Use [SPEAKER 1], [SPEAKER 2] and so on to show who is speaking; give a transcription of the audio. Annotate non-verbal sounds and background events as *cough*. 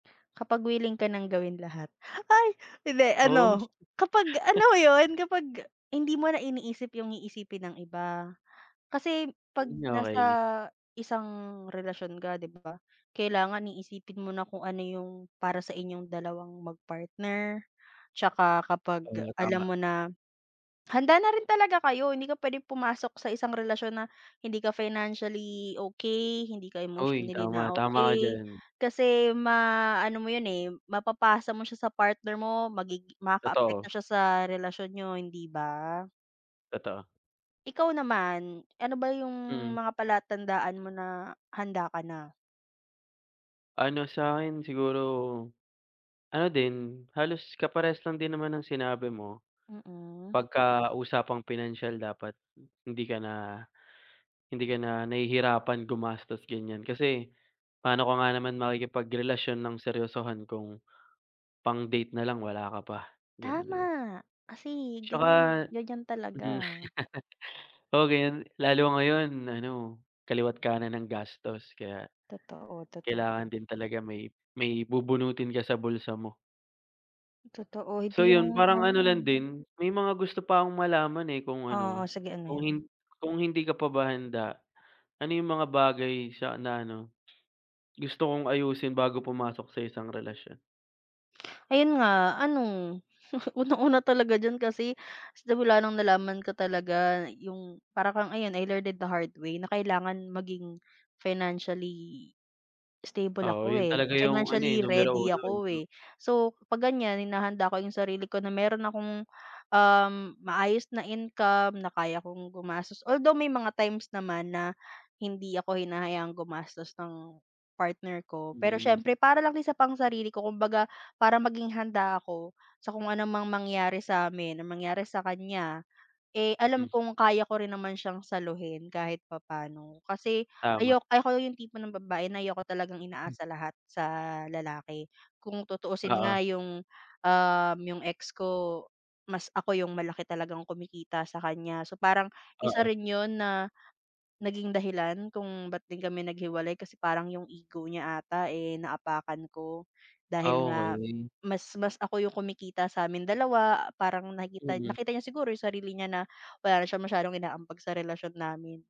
[SPEAKER 1] Kapag wiling ka ng gawin lahat. Ay! Hindi
[SPEAKER 2] Oh.
[SPEAKER 1] ano, kapag alam
[SPEAKER 2] *laughs*
[SPEAKER 1] mo 'yon, kapag hindi mo na iniisip yung iisipin ng iba. Kasi, 'pag
[SPEAKER 2] Mm,
[SPEAKER 1] nasa
[SPEAKER 2] okey.
[SPEAKER 1] isang relasyon ka 'di ba, kailangan iisipin mo na kung ano yung para sa inyong dalawang mag-partner. 'Tsaka kapag
[SPEAKER 2] Oo, tama.
[SPEAKER 1] alam mo na, handa na rin talaga kayo. Hindi ka puwedeng pumasok sa isang relasyon na hindi ka financially okey, hindi ka
[SPEAKER 2] Oy,
[SPEAKER 1] emotionally
[SPEAKER 2] tama,
[SPEAKER 1] na
[SPEAKER 2] tama ka
[SPEAKER 1] okey,
[SPEAKER 2] diyan.
[SPEAKER 1] kasi ma-ano mo yun, eh, mapapasa mo siya sa partner mo, magig makaapekto
[SPEAKER 2] Totoo.
[SPEAKER 1] siya sa relasyon niyo, hindi ba?
[SPEAKER 2] Totoo.
[SPEAKER 1] Ikaw naman, ano ba yung
[SPEAKER 2] Mm.
[SPEAKER 1] mga palatandaan mo na handa ka na?
[SPEAKER 2] Ano sa 'kin siguro, ano din halos kaparehas lang din naman ng sinabi mo.
[SPEAKER 1] Mm.
[SPEAKER 2] 'Pagka usapang pinansiyal dapat hindi ka na, hindi ka na nahihirapan gumastos ganiyan. Kasi, paano ka nga naman makikipagrelasyon ng seryosohan kung pang-date na lang wala ka pa, gano'n,
[SPEAKER 1] Tama,
[SPEAKER 2] 'di ba.
[SPEAKER 1] kasi ganiyan
[SPEAKER 2] 'Tsaka,
[SPEAKER 1] ganiyan talaga.
[SPEAKER 2] mm. *laughs* O, gayon lalo ngayon ano kaliwa't kanan ang gastos kaya,
[SPEAKER 1] Totoo, totoo.
[SPEAKER 2] kailangan din talaga may, may bubunutin ka sa bulsa mo.
[SPEAKER 1] Totoo,
[SPEAKER 2] So
[SPEAKER 1] hindi
[SPEAKER 2] yun,
[SPEAKER 1] yung
[SPEAKER 2] parang ano lang
[SPEAKER 1] ano.
[SPEAKER 2] din may mga gusto pa akong malaman, eh, kung
[SPEAKER 1] Oo,
[SPEAKER 2] ano
[SPEAKER 1] sige ano
[SPEAKER 2] kung
[SPEAKER 1] yun?
[SPEAKER 2] hin kung hindi ka pa ba handa, ano yung mga bagay sa na ano, gusto mong ayusin bago pumasok sa isang relasyon?
[SPEAKER 1] Ayun nga, ano, *chuckles* unang-una talaga diyan kasi simula nung nalaman ko talaga yung para kang ayan, "I learned it the hard way" na kailangan maging financially stable
[SPEAKER 2] Oo,
[SPEAKER 1] ako
[SPEAKER 2] yun
[SPEAKER 1] eh,
[SPEAKER 2] talaga yung ano, eh,
[SPEAKER 1] financially
[SPEAKER 2] numero
[SPEAKER 1] ready
[SPEAKER 2] 1, eh,
[SPEAKER 1] ako
[SPEAKER 2] 'no.
[SPEAKER 1] eh. So 'pag ganiyan, hinahanda ko yung sarili ko na meron akong, ah, maayos na income na kaya kong gumastos. Although, may mga times naman na hindi ako hinahayaan gumastos ng partner ko. Pero
[SPEAKER 2] Mm.
[SPEAKER 1] siyempre, para lang yun sa pang-sarili ko kumbaga para maging handa ako sa kung ano mang mangyari sa amin, ang mangyari sa kanya, eh, alam
[SPEAKER 2] Mhm.
[SPEAKER 1] kung kaya ko rin naman siyang saluhin kahit papaano. Kasi,
[SPEAKER 2] Tama.
[SPEAKER 1] ayok ako yung tipo ng babae na ayoko talagang
[SPEAKER 2] M.
[SPEAKER 1] inaasa lahat sa lalaki. Kung tutuusin
[SPEAKER 2] Oo.
[SPEAKER 1] nga yung, um, yung ex ko mas ako yung malaki talagang kumikita sa kaniya, so parang, isa
[SPEAKER 2] Oo.
[SPEAKER 1] rin yun na, naging dahilan kung ba't din kami naghiwalay kasi parang yung ego niya ata, eh, naapakan ko dahil nga
[SPEAKER 2] Okey.
[SPEAKER 1] mas mas ako yung kumikita sa aming dalawa, parang nakikita
[SPEAKER 2] Mhm.
[SPEAKER 1] nakita niya siguro yung sarili niya na wala na siya masyadong inaambag sa relasyon namin.